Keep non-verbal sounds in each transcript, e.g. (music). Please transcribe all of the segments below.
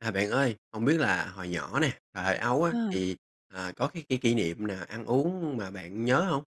À, bạn ơi, hông biết là hồi nhỏ nè, thời thơ ấu á À. thì, ờ, có cái cái kỷ niệm nào ăn uống mà bạn nhớ hông?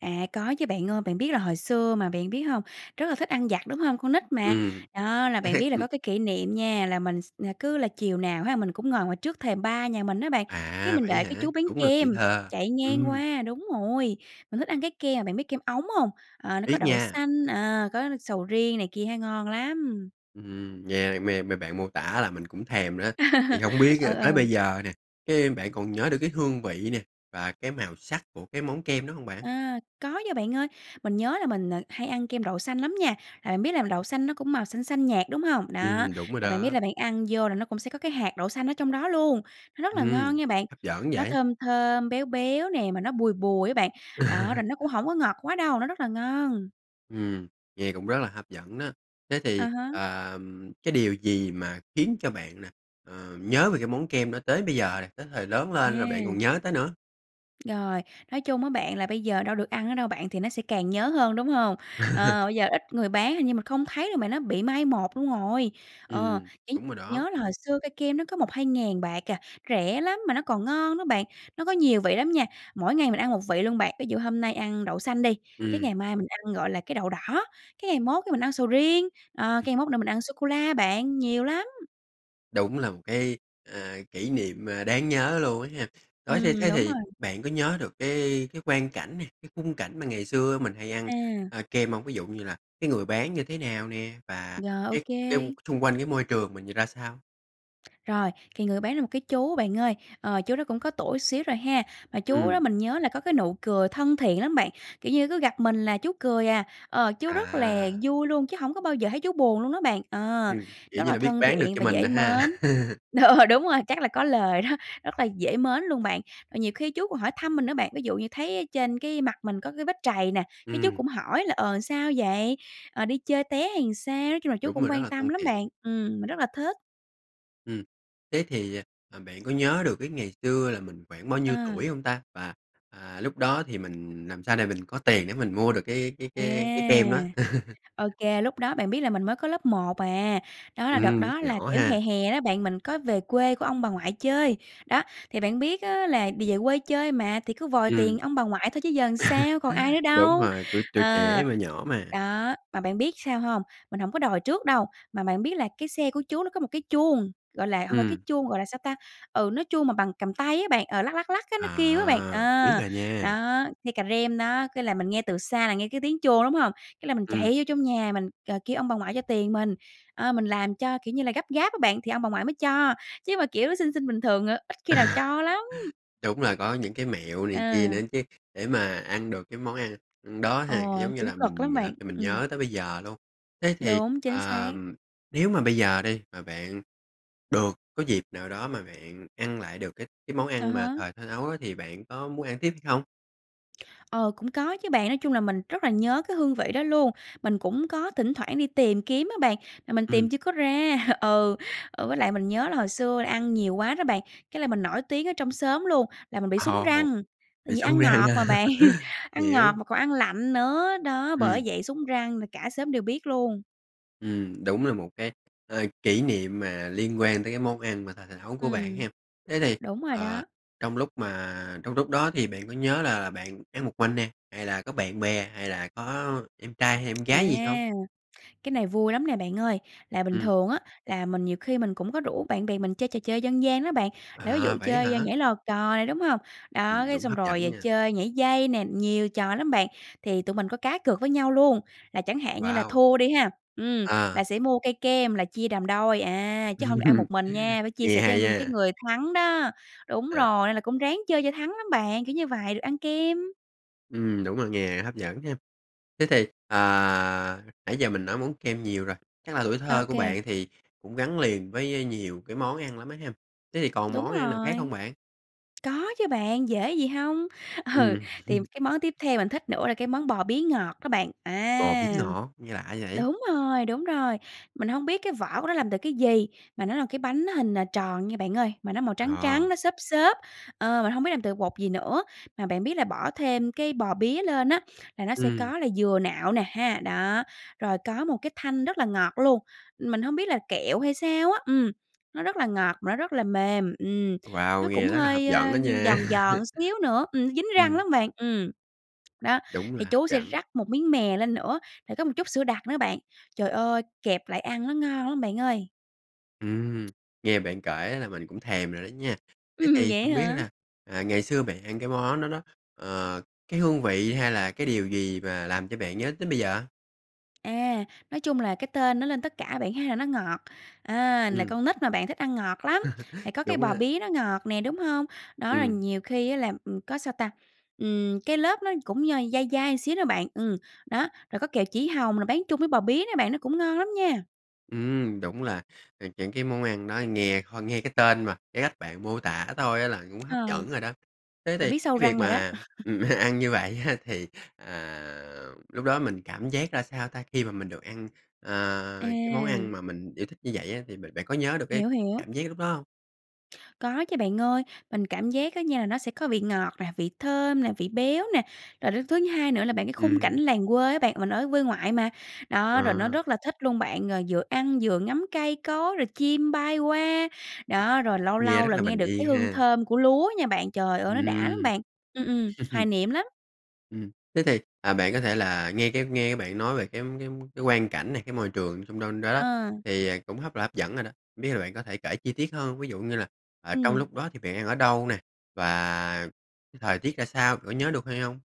À, có chứ bạn ơi, bạn biết là hồi xưa mà, bạn biết hông? Rất là thích ăn vặt đúng hông? Con nít mà. Ừm, Đó là bạn (laughs) biết là có ừm. cái kỷ niệm nha, là mình x cứ là chiều nào ha mình cũng ngồi ngoài trước thềm ba nhà mình á bạn, cái À, mình vậy đợi á cái hả? chú bán Đúng là tuổi kem, thơ, chạy ngang ừm. qua đúng rồi. Mình thích ăn cái ke mà bạn biết kem ống hông? Ờ, nó có Biết đậu nha. xanh, ờ, có sầu riêng này kia ha, ngon lắm. Ừm, nghe mê mê bạn mô tả làm mình cũng thèm nữa, thì hông (laughs) biết Ờ, á tới ờ. bây giờ nè, cái bạn còn nhớ được cái hương vị nè và cái màu sắc của cái món kem đó hông bạn? À, có nha bạn ơi. Mình nhớ là mình, ờ, hay ăn kem đậu xanh lắm nha, là bạn biết là đậu xanh nó cũng màu xanh xanh nhạt, đúng hông? Đó, Ừm, đúng rồi là bạn biết đó. là bạn ăn vô là nó cũng sẽ có cái hạt đậu xanh ở trong đó luôn. Nó rất là Ừm. ngon nha bạn. Hấp dẫn Nó vậy. thơm thơm, béo béo nè, mà nó bùi bùi á bạn. Đó, rồi (laughs) nó cũng hổng có ngọt quá đâu, nó rất là ngon. Ừm, nghe cũng rất là hấp dẫn đó. Thế À thì, há. ờ, ừm, cái điều gì mà khiến cho bạn nè, ờ, nhớ về cái món kem đó tới bây giờ này, tới thời lớn lên rồi bạn còn À. nhớ tới nữa? Rồi, nói chung á bạn, là bây giờ đâu được ăn nữa đâu bạn, thì nó sẽ càng nhớ hơn, đúng hông? Ờ, (laughs) bây giờ ít người bán, hình như mình không thấy, mà nó bị mai một luôn rồi. Ờ, Ừm, chỉ đúng rồi đó. nhớ là hồi xưa cây kem nó có 1.000, 2.000 bạc à, rẻ lắm mà nó còn ngon đó bạn. Nó có nhiều vị lắm nha. Mỗi ngày mình ăn một vị luôn bạn, ví dụ hôm nay ăn đậu xanh đi, cái Ừm. ngày mai mình ăn, gọi là, cái đậu đỏ, cái ngày mốt cái mình ăn sầu riêng, ờ, cái ngày mốt là mình ăn sô cô la bạn, nhiều lắm. Đúng là một cái, ờ, kỷ niệm, ờ, đáng nhớ luôn á ha. Đó thê Ừm, thế đúng thì rồi. bạn có nhớ được cái cái quang cảnh nè, cái khung cảnh mà ngày xưa mình hay ăn, À. ơ, kem hông? Ví dụ như là cái người bán như thế nào nè và Rồi, ô cái cái u kê. xung quanh cái môi trường mình nhì ra sao? Rồi, thì người bán là một cái chú bạn ơi, ờ, chú đó cũng có tuổi xíu rồi ha. Mà chú Ừm. đó mình nhớ là có cái nụ cười thân thiện lắm bạn. Kiểu như, cứ gặp mình là chú cười à. Ờ, chú rất là À. vui luôn, chứ hổng có bao giờ thấy chú buồn luôn đó bạn. Ờ, Ừ, kiểu rất như là là, biết thân bán được thiện cho và mình dễ này ha. mến (laughs) (laughs) đúng rồi, chắc là có lời đó, rất là dễ mến luôn bạn. Ờ, nhiều khi chú còn hỏi thăm mình nữa bạn, ví dụ như thấy ở trên cái mặt mình có cái vết trầy nè, cái chú Ừm. cũng hỏi là "Ờ, sao vậy? Ờ, đi chơi té hay làm sao?" nói chung là, chú Đúng cũng rồi, rất quan là tâm thân lắm thiện. bạn. Ừm, mình rất là thích. Ừm, thế thì, ờ, ờ, bạn có nhớ được cái ngày xưa là mình khoảng bao nhiêu tuổi À. hông ta? Và, à, lúc đó thì mình làm sao để mình có tiền để mình mua được cái cái À, cái cái kem đó. (laughs) ô kê. Lúc đó bạn biết là mình mới có lớp 1 à. Đó là đợt Ừm, lúc đó là, nhỏ kiểu, ha. hè hè đó bạn, mình có về quê của ông bà ngoại chơi. Đó, thì bạn biết á là vì về quê chơi mà, thì cứ vòi Ừm. tiền ông bà ngoại thôi chứ giờ sao, còn ai (laughs) nữa Đúng đâu. rồi, tuổi tuổi trẻ Ờ, mà, nhỏ mà. đó, mà bạn biết sao hông? Mình hổng có đòi trước đâu, mà bạn biết là cái xe của chú nó có một cái chuông, gọi là, hông phải cái Ừm. chuông gọi là sao ta? Ừ, nó chuông mà bằng cầm tay á bạn, ờ, lắc, lắc, lắc á, nó kêu á bạn. À, biết Ờ, rồi nha. đó, nghe cà rem đó, cái là mình nghe từ xa là nghe cái tiếng chuông, đúng hông? Cái là mình Ừm. chạy vô trong nhà mình, ờ, kêu ông bà ngoại cho tiền mình, ơ, mình làm cho kiểu như là gấp gáp á bạn, thì ông bà ngoại mới cho, chứ mà, kiểu, xin xin bình thường, ờ, ít khi nào cho lắm. (laughs) Đúng là có những cái mẹo này kia nữa À. chứ, để mà ăn được cái món ăn đó Ừ, ha, giống như cũng là, cực mình lắm làm bạn, cho mình ừm. nhớ tới bây giờ luôn. Thế thì, Đúng, chính ờ, xác. nếu mà bây giờ đi, mà bạn được có dịp nào đó mà bạn ăn lại được cái cái món À ăn mà há. thời thơ ấu á, thì bạn có muốn ăn tiếp hay không? Ờ, cũng có chứ bạn. Nói chung là mình rất là nhớ cái hương vị đó luôn. Mình cũng có thỉnh thoảng đi tìm kiếm á bạn, mà mình tìm Ừm. chưa có ra. (chuckles) Ừ, ờ, với lại mình nhớ là hồi xưa ăn nhiều quá đó bạn, cái là mình nổi tiếng ở trong xóm luôn, là mình bị sún Ồ, răng. Tại bị vì sún ăn răng ngọt ha. mà bạn, (chuckles) (laughs) ăn Hiểu. ngọt mà còn ăn lạnh nữa, đó, bởi Ừm. vậy sún răng là cả xóm đều biết luôn. Ừm, đúng là một cái, ờ, kỷ niệm mà liên quan tới cái món ăn mà thời thơ ấu của bạn Ừm, hén. Thế thì, đúng rồi ờ, đó. trong lúc mà trong lúc đó thì bạn có nhớ là bạn ăn một mình nè, hay là có bạn bè hay là có em trai, hay em À, gái gì không? cái này vui lắm nè bạn ơi. Là bình Ừm. thường á, là mình nhiều khi mình cũng có rủ bạn bè mình chơi trò chơi dân gian đó bạn. Là ví À, dụ vậy á chơi hả? nhảy lò cò này, đúng hông? Đó, Ừm, cái đúng, xong hấp dẫn rồi nha! chơi nhảy dây nè, nhiều trò lắm bạn. Thì tụi mình có cá cược với nhau luôn, là chẳng hạn như là Wow. thua đi ha? Ừm, À. là sẽ mua cây kem là chia làm đôi, à, chứ hông được ăn một (laughs) mình nha, phải chia Nghe sẻ cho hay cái ha. người thắng đó. Đúng Ờ. rồi, nên là cũng ráng chơi cho thắng lắm bạn, kiểu như vậy, được ăn kem. Ừm, đúng rồi nè, hấp dẫn ha. Thế thì, à, nãy giờ mình nói món kem nhiều rồi, chắc là tuổi Ô thơ của kê. bạn thì cũng gắn liền với nhiều cái món ăn lắm á ha? Thế thì còn Đúng món ăn nào khác không rồi. bạn? Có chứ bạn, dễ gì hông. Ừ, Ừm. thì (chuckles) cái món tiếp theo mình thích nữa là cái món bò bía ngọt đó bạn. Bò bía À, ngọt, nghe lạ vậy? đúng rồi, đúng rồi. Mình hông biết cái vỏ của nó làm từ cái gì, mà nó là cái bánh hình, ờ, tròn nha bạn ơi. Mà nó màu trắng trắng, Ờ. nó xốp xốp. Ờ, mình hông biết làm từ bột gì nữa. Mà bạn biết là bỏ thêm cái bò bía lên á, là nó sẽ Ừm. có là dừa nạo nè ha, đó, rồi có một cái thanh rất là ngọt luôn, mình hông biết là kẹo hay sao á. Ừm, nó rất là ngọt, mà nó rất là mềm, ừm, Wow! nó Nghe cũng rất là hấp hơi, ơ, dẫn đó nha! giòn giòn (laughs) xíu nữa, ừm, dính răng Ừm. lắm bạn, ừm. Đó, Đúng là thì hấp chú sẽ dẫn. rắc một miếng mè lên nữa, rồi có một chút sữa đặc nữa bạn. Trời ơi! Kẹp lại ăn nó ngon lắm bạn ơi. Ừm, nghe bạn kể á là mình cũng thèm rồi đó nha. Thế Ừm, thì vậy hông biết hả? là, à, ngày xưa bạn ăn cái món đó đó, ờ, cái hương vị hay là cái điều gì mà làm cho bạn nhớ tới bây giờ? À, nói chung là cái tên nói lên tất cả bạn há, là nó ngọt, à, là Ừm. con nít mà bạn, thích ăn ngọt lắm, thì (laughs) có cái Đúng đó. bò bía nó ngọt nè, đúng hông? Đó là Ừm. nhiều khi á là, ừm, có sao ta? Ừm, cái lớp nó cũng d dai dai một xíu đó bạn. Ừm, đó, rồi có kẹo chỉ hồng rồi bán chung với bò bía nữa bạn nó cũng ngon lắm nha! Ừm, đúng là những cái món ăn đó nghe ho nghe cái tên mà cái cách bạn mô tả thôi á là cũng Ờ. hấp dẫn rồi đó. Thế Là thì biết sâu cái việc răng rồi đó. mà, (laughs) ừm, ăn như vậy á, thì, à, lúc đó mình cảm giác ra sao ta? Khi mà mình được ăn, ờ, cái món À. ăn mà mình yêu thích như vậy á thì b bạn có nhớ được cái Hiểu, hiểu. cảm giác lúc đó hông? Có chứ bạn ơi. Mình cảm giác á nha là nó sẽ có vị ngọt nè, vị thơm nè, vị béo nè. Rồi đến thứ hai nữa là, bạn cái khung cảnh Ừm. làng quê á bạn, mình ở quê ngoại mà. Đó, rồi nó À. rất là thích luôn bạn, rồi vừa ăn vừa ngắm cây cối, rồi chim bay qua. Đó, rồi lâu Nghe lâu rất là là nghe bình được cái yên hương ha. thơm của lúa nha bạn. Trời ơi, nó đã lắm Ừm. bạn! Ừm, ừm, hoài (laughs) niệm lắm. Ừm, thế thì, à, bạn có thể là nghe cái nghe cái bạn nói về cái cái cái quang cảnh này, cái môi trường trong đon đó đó, À. thì, à, cũng hấp là hấp dẫn rồi đó, hông biết là bạn có thể kể chi tiết hơn, ví dụ như là, à, trong Ừm. lúc đó thì bạn đang ở đâu nè? Và thời tiết ra sao? Kiểu, nhớ được hay hông?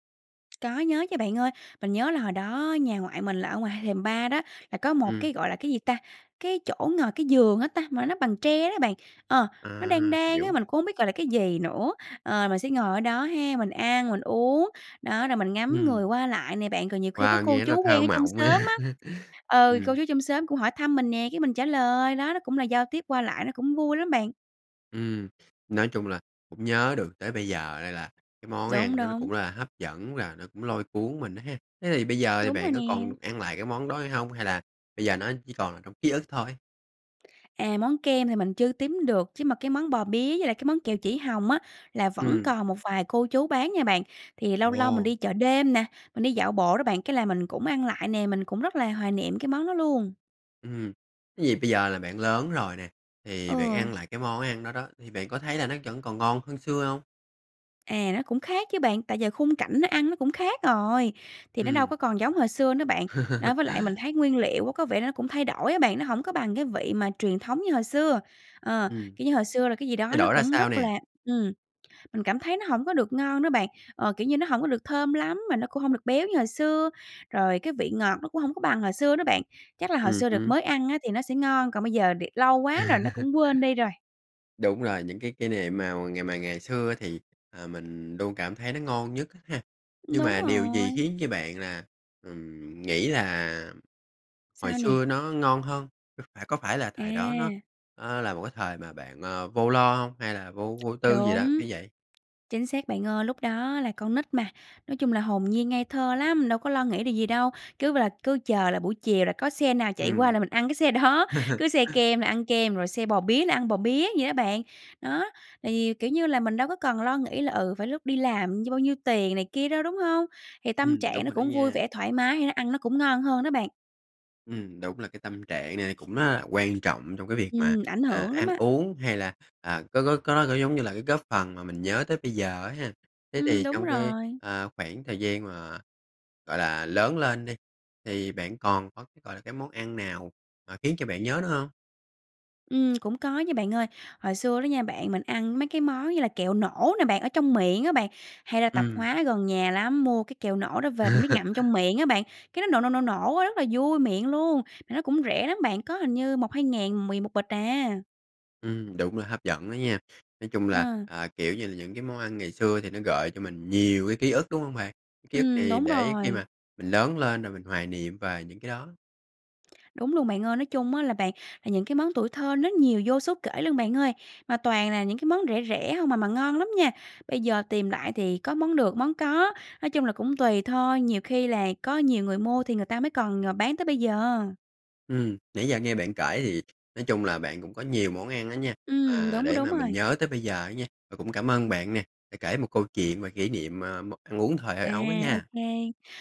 Có nhớ chứ bạn ơi! Mình nhớ là hồi đó nhà ngoại mình là ở ngoài hai thềm ba đó, là có một Ừm. cái gọi là cái gì ta? Cái chỗ ngồi, cái giường á ta, mà nó bằng tre đó bạn. Ờ, nó À, đan đan á, hiểu. mình cũng hông biết gọi là cái gì nữa. Ờ, mình sẽ ngồi ở đó ha, mình ăn, mình uống, đó, rồi mình ngắm Ừm. người qua lại nè bạn. Còn nhiều khi có Wow, cô nghe rất là chú quen thơ ở trong mộng á! xóm á ừ, cô Ừm. chú trong xóm cũng hỏi thăm mình nè, cái mình trả lời. Đó, nó cũng là giao tiếp qua lại, nó cũng vui lắm bạn. Ừm, nói chung là cũng nhớ được tới bây giờ đây, à, là cái món Đúng, ăn nó nó đúng. cũng là hấp dẫn và nó cũng lôi cuốn mình á ha! Thế thì bây giờ thì Đúng bạn rồi có nè. còn được ăn lại cái món đó hay hông? Hay là bây giờ nó chỉ còn là trong ký ức thôi? À, món kem thì mình chưa tím được chứ mà cái món bò bía với lại cái món kẹo chỉ hồng á là vẫn Ừm. còn một vài cô chú bán nha bạn. Thì lâu lâu mình Ồ! đi chợ đêm nè, mình đi dạo bộ đó bạn, cái là mình cũng ăn lại nè, mình cũng rất là hoài niệm cái món đó luôn. Ừm hưm, vì bây giờ là bạn lớn rồi nè, thì bạn Ừ. ăn lại cái món ăn đó đó, thì bạn có thấy là nó vẫn còn ngon hơn xưa hông? À, nó cũng khác chứ bạn. Tại giờ khung cảnh nó ăn nó cũng khác rồi, thì nó đâu Ừm. có còn giống hồi xưa nữa bạn. Đó, với lại mình (laughs) thấy nguyên liệu á, có vẻ nó cũng thay đổi á bạn, nó hổng có bằng cái vị mà truyền thống như hồi xưa. Ờ, Ừm. kiểu như hồi xưa là cái gì đó Thay nó đổi ra cũng sao rất là nè? ừm, mình cảm thấy nó hổng có được ngon đó bạn. Ờ, kiểu như nó hổng có được thơm lắm mà nó cũng hông được béo như hồi xưa, rồi cái vị ngọt nó cũng hổng có bằng hồi xưa đó bạn. Chắc là hồi Ừm xưa đợt hứm. mới ăn á thì nó sẽ ngon, còn bây giờ đề lâu quá rồi nó cũng quên đi rồi. (laughs) Đúng rồi, những cái kỷ niệm mào ngày mà ngày xưa thì, ờ, mình luôn cảm thấy nó ngon nhất á ha. Ừm. Nhưng Đúng mà điều gì rồi! khiến cho bạn là, ừm, nghĩ là hồi Sao xưa nè? nó ngon hơn? À, có phải là thời đó nó, À. ờ, là một cái thời mà bạn, ờ, vô lo hông? Hay là vô vô tư gì đó, Đúng. như vậy? Chính xác bạn ơi, lúc đó á là con nít mà, nói chung là hồn nhiên ngây thơ lắm, đâu có lo nghĩ điều gì đâu. Cứ b là cứ chờ là buổi chiều là có xe nào chạy qua Ừm. là mình ăn cái xe đó, cứ xe (laughs) kem là ăn kem, rồi xe bò bía là ăn bò bía vậy đó bạn. Đó, thì, kiểu như là, mình đâu có cần lo nghĩ là, ừ, phải lúc đi làm dư bao nhiêu tiền này kia đâu, đúng hông? Thì tâm Ừm, trạng đúng nó rồi đó cũng vui nha. vẻ, thoải mái thì nó ăn nó cũng ngon hơn đó bạn. Ừm, đúng là cái tâm trạng này cũng rất là quan trọng trong cái việc mà, Ừm, ảnh à, hưởng lắm ăn á. uống hay là, à, có có có có, giống như là, cái góp phần mà mình nhớ tới bây giờ á ha. Thế Ừm. thì Đúng trong cái, rồi. ờ, khoảng thời gian mà, gọi là, lớn lên đi thì bạn còn có cái, gọi là, cái món ăn nào mà khiến cho bạn nhớ nữa hông? Ừm, (smacks lips) cũng có nha bạn ơi. Hồi xưa đó nha bạn, mình ăn mấy cái món như là kẹo nổ nè bạn, ở trong miệng á bạn. Hay ra tạp Ừm. hóa gần nhà lắm, mua cái kẹo nổ đó về mới ngậm trong (laughs) miệng á bạn, cái nó nổ, nổ, nổ, nổ á, rất là vui miệng luôn, mà nó cũng rẻ lắm bạn, có hình như 1.000, 2.000 mười một bịch à. Ừm, đúng rồi, hấp dẫn đó nha. Nói chung là, À. ờ, kiểu như là, những cái món ăn ngày xưa thì nó gợi cho mình nhiều cái ký ức, đúng hông bạn? Ký ức Ừm, này đúng để khi rồi. mà mình lớn lên rồi mình hoài niệm về những cái đó. Đúng luôn bạn ơi. Nói chung á là bạn, những cái món tuổi thơ nó nhiều vô số kể luôn bạn ơi. Mà toàn là những cái món rẻ rẻ hông à mà ngon lắm nha. Bây giờ tìm lại thì có món được món có. Nói chung là, cũng tùy thôi, nhiều khi là có nhiều người mua thì người ta mới còn, ờ, bán tới bây giờ. Ừm. Nãy giờ nghe bạn kể thì, nói chung là, bạn cũng có nhiều món ăn á nha, Ừm, mà đúng, để đúng mà mình rồi. nhớ tới bây giờ ấy nha, và cũng cảm ơn bạn nè, đã kể một câu chuyện và kỉ niệm, ờ, m ăn uống thời thơ À, ấu á ô nha. kê.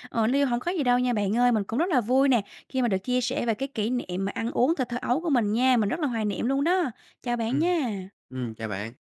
Ờ, niêu hổng có gì đâu nha bạn ơi. Mình cũng rất là vui nè, khi mà được chia sẻ về cái kỷ niệm mà ăn uống thời thơ ấu của mình nha. Mình rất là hoài niệm luôn đó. Chào bạn Ừm. nha. Ừm, chào bạn.